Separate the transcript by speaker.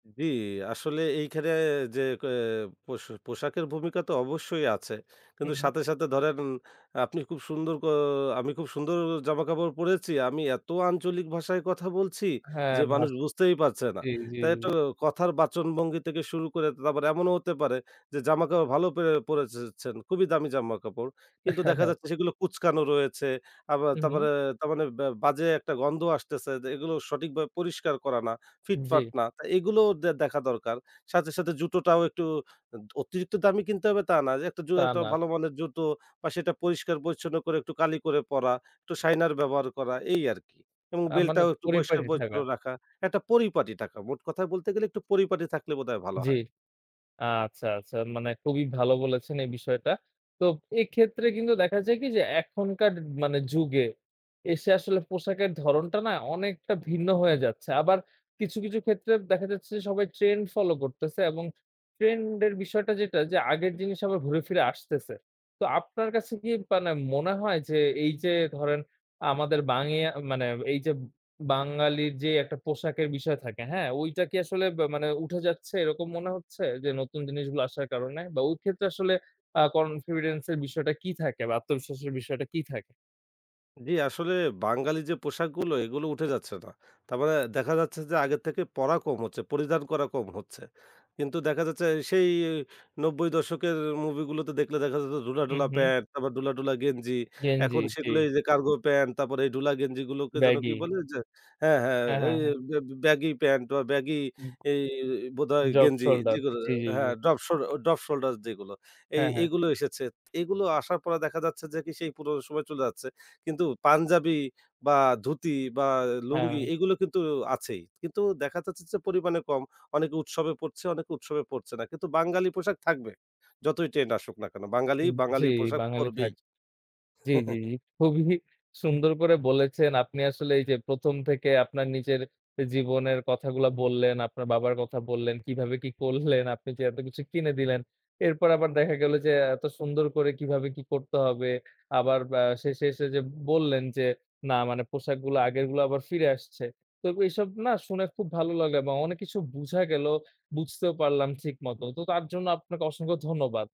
Speaker 1: জি, আসলে এইখানে যে, ক এ পস পোশাকের ভূমিকা তো অবশ্যই আছে। কিন্তু
Speaker 2: হুম।
Speaker 1: সাথে, সাথে ধরেন আপনি খুব সুন্দর কো আমি খুব সুন্দর জামাকাপড় পড়েছি, আমি এত আঞ্চলিক ভাষায় কথা বলছি
Speaker 2: হ্যাঁ,
Speaker 1: যে, মানুষ
Speaker 2: ভাঁজ
Speaker 1: বুঝতেই পারছে না।
Speaker 2: জি, জি।
Speaker 1: তাই তো কথার বাচনভঙ্গি থেকে শুরু করে তারপর এমনও হতে পারে যে, জামাকাপড় ভালো পেরে পড়েছেন। খুবই দামি জামাকাপড়, কিন্তু দেখা
Speaker 2: হ্যাঁ।
Speaker 1: যাচ্ছে সেগুলো কুঁচকানো রয়েছে। আবার
Speaker 2: উ হুম।
Speaker 1: তারপরে তারমানে বাজে একটা গন্ধ আসতেছে যে, এগুলো সঠিকভাবে পরিষ্কার করা না, ফিট-ফাট
Speaker 2: জি।
Speaker 1: না তা এগুলোও দেখা দরকার। সাথে, সাথে জুতোটাও একটু দ অতিরিক্ত দামে কিনতে হবে তা না। যে, একটা জু
Speaker 2: তা
Speaker 1: একটা
Speaker 2: না।
Speaker 1: ভালো মানের জুতো বা সেটা পরিষ্কার-পরিচ্ছন্ন করে একটু কালি করে পরা, একটু শাইনার ব্যবহার করা এই আরকি এবং
Speaker 2: আ
Speaker 1: বেল্ট
Speaker 2: মানে
Speaker 1: টাও একটু পরিষ্কার
Speaker 2: পরিপাটি
Speaker 1: পরিচ্ছন্ন
Speaker 2: থাকা।
Speaker 1: রাখা। একটা পরিপাটি টাকা মোট কথায় বলতে গেলে, একটু পরিপাটি থাকলে বোধহয় ভালো
Speaker 2: জি,
Speaker 1: হয়।
Speaker 2: আচ্ছা, আচ্ছা মানে খুবই ভালো বলেছেন এই বিষয়টা। তো এক্ষেত্রে কিন্তু দেখা যায় কি যে, এখনকার মানে যুগে এসে আসলে পোশাকের ধরণটা না অনেকটা ভিন্ন হয়ে যাচ্ছে। আবার কিছু, কিছু ক্ষেত্রে দেখা যাচ্ছে যে, সবাই ট্রেন্ড ফলো করতেছে এবং ট্রেন্ড এর বিষয়টা যেটা যে, আগের জিনিস আবার ঘুরে ফিরে আসতেছে। তো আপনার কাছে কি মানে মনে হয়, যে, এই যে, ধরেন আমাদের বাংগিয়ে মানে এই যে, বাঙালির যে, একটা পোশাকের বিষয় থাকে, হ্যাঁ? ঐটা কি আসলে ব মানে উঠে যাচ্ছে, এরকম মনে হচ্ছে যে, নতুন জিনিসগুলো আসার কারণে? বা ওই ক্ষেত্রে আসলে আ confidence এর বিষয়টা কি থাকে বা আত্মবিশ্বাসের বিষয়টা কি থাক?
Speaker 1: জি, আসলে বাঙালি যে, পোশাকগুলো এগুলো উঠে যাচ্ছে না। তারমানে দেখা যাচ্ছে যে, আগের থেকে পড়া কম হচ্ছে, পরিধান করা কম হচ্ছে। কিন্তু দেখা যাচ্ছে সেই ৯০ দশকের মুভি গুলোতে দেখলে দেখা যাচ্ছে ধুলা
Speaker 2: হুম,
Speaker 1: ঢোলা
Speaker 2: হুম।
Speaker 1: প্যান্ট তারপর ঢুলা, ঢুলা গেঞ্জি।
Speaker 2: গেঞ্জি,
Speaker 1: এখন সেগুলো
Speaker 2: জি।
Speaker 1: এই যে, কার্গো প্যান্ট তারপরে এই ঢুলা গেঞ্জি গুলোকে যেন কি
Speaker 2: ব্যাগি।
Speaker 1: বলে যে হ্যাঁ, হ্যাঁ,
Speaker 2: হ্যাঁ,
Speaker 1: এ
Speaker 2: হ্যাঁ,
Speaker 1: এই
Speaker 2: হ্যাঁ।
Speaker 1: ব্যাগি প্যান্ট বা ব্যাগি
Speaker 2: উম
Speaker 1: এই বোধহয়
Speaker 2: ড্রপ
Speaker 1: গেঞ্জি
Speaker 2: সোল্ডার
Speaker 1: যেগুলো
Speaker 2: জি, জি, জি।
Speaker 1: হ্যাঁ, ড্রপ শ ড্রপ শোল্ডার যেগুলো এই
Speaker 2: হ্যাঁ, হ্যাঁ।
Speaker 1: এগুলো এসেছে। এগুলো আসার পর দেখা যাচ্ছে যে, কি সেই পুরো সময় চলে যাচ্ছে। কিন্তু পাঞ্জাবি, বা ধুতি, বা লুঙ্গি
Speaker 2: হ্যাঁ।
Speaker 1: এগুলো কিন্তু আছেই কিন্তু দেখা যাচ্ছে যে, পরিমাণে কম। অনেকে উৎসবে পড়ছে, অনেকে উৎসবে পড়ছে না। কিন্তু বাঙালি পোশাক থাকবে যতই ট্রেন্ড আসুক না কেনো বাঙালি,
Speaker 2: উ জি,
Speaker 1: বাঙালির পোশাক
Speaker 2: বাঙালি
Speaker 1: পড়বেই।
Speaker 2: থাক জি, জি, জি, খুবই সুন্দর করে বলেছেন, আপনি আসলে এই যে, ১ম থেকে আপনার নিজের জীবনের কথাগুলা বললেন, আপনার বাবার কথা বললেন, কিভাবে কি করলেন, আপনি যে, এত কিছু কিনে দিলেন। এরপর আবার দেখা গেল যে, এত সুন্দর করে কিভাবে কি করতে হবে। আবার বা শেষে এসে যে, বললেন, যে, না মানে পোশাকগুলা আগেরগুলা আবার ফিরে আসছে। তো এসব না শুনে খুব ভালো লাগলো এবং অনেক কিছু বুঝা গেলো বুঝতেও পারলাম ঠিক মত। তো তার জন্য আপনাকে অসংখ্য ধন্যবাদ।